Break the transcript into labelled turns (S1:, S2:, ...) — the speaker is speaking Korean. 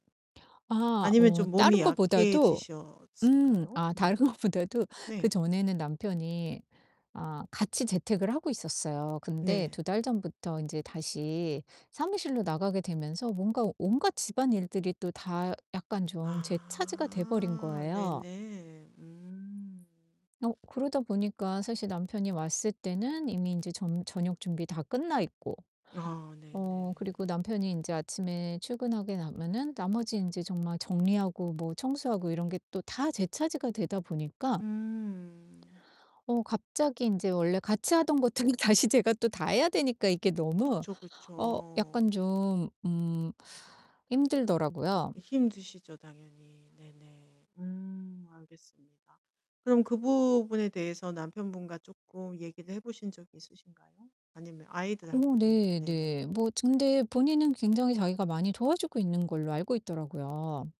S1: 아
S2: 아니면
S1: 어
S2: 좀 몸이
S1: 다른 것보다도 음
S2: 약해지셨을까요?
S1: 아 다른
S2: 네.
S1: 것보다도
S2: 네.
S1: 그전에는 남편이 아 같이 재택을 하고 있었어요. 근데
S2: 네.
S1: 2 달 전부터 인제 다시 사무실로 나가게 되면서 뭔가 온갖 집안일들이 또 다 약간 좀 제 차지가 돼 버린
S2: 아
S1: 거예요.
S2: 네네. 음.
S1: 어 그러다 보니까 사실 남편이 왔을 때는 이미 인제 점 저녁 준비 다 끝나 있고
S2: 아, 네네.
S1: 어 그리고 남편이 인제 아침에 출근하고 나면은 나머지 인제 정말 정리하고 뭐 청소하고 이런 게 또 다 제 차지가 되다 보니까
S2: 음.
S1: 어 갑자기 인제 원래 같이 하던 것들이 다시 제가 또 다 해야 되니까 이게 너무
S2: 그쵸,
S1: 어 약간
S2: 그쵸.
S1: 좀 음 힘들더라고요.
S2: 힘드시죠, 당연히. 네네. 음 알겠습니다. 그럼 그 부분에 대해서 남편분과 쪼끔 얘기를 해 보신 적이 있으신가요? 아니면
S1: 어
S2: 아이들하고도
S1: 네
S2: 네네.
S1: 네. 뭐 근데 본인은 굉장히 자기가 많이 도와주고 있는 걸로 알고 있더라고요.